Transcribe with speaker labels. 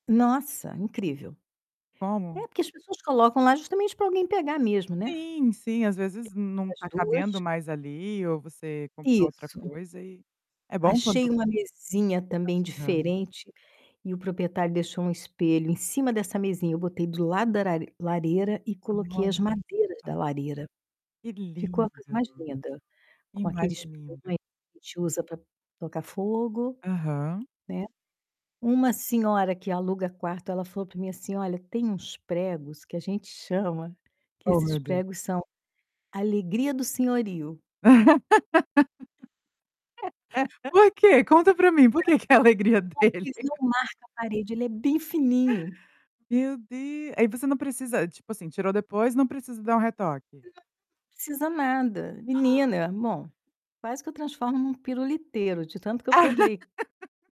Speaker 1: Nossa, incrível.
Speaker 2: Como?
Speaker 1: É porque as pessoas colocam lá justamente pra alguém pegar mesmo, né?
Speaker 2: Sim, sim, às vezes, não
Speaker 1: Essas
Speaker 2: tá cabendo
Speaker 1: 2
Speaker 2: mais ali ou você compra outra
Speaker 1: Isso.
Speaker 2: coisa e, é bom
Speaker 1: Achei
Speaker 2: quando
Speaker 1: uma mesinha também
Speaker 2: Aham.
Speaker 1: diferente, e o proprietário deixou um espelho em cima dessa mesinha, eu botei do lado da lare lareira e coloquei as
Speaker 2: Hã.
Speaker 1: madeiras da lareira.
Speaker 2: Que
Speaker 1: Ficou
Speaker 2: lindo.
Speaker 1: a coisa mais linda, com aquele espinho
Speaker 2: Imagino!
Speaker 1: que a gente usa pra tocar fogo,
Speaker 2: Aham.
Speaker 1: né, uma senhora que aluga quarto ela falou para mim assim: "Olha, tem uns pregos que a gente chama, que
Speaker 2: Ó
Speaker 1: esses
Speaker 2: meu Deus.
Speaker 1: pregos são alegria do senhorio".
Speaker 2: Por quê? Conta pra mim, por que que é a alegria
Speaker 1: Não,
Speaker 2: dele?
Speaker 1: [unintelligible] não marca a parede, ele é bem fininho.
Speaker 2: Meu Deus aí você não precisa tipo assim, tirou depois, não precisa dar um retoque?
Speaker 1: Não precisa nada, menina. Bom, quase que eu transformo em um piruliteiro, de tanto que eu pendurei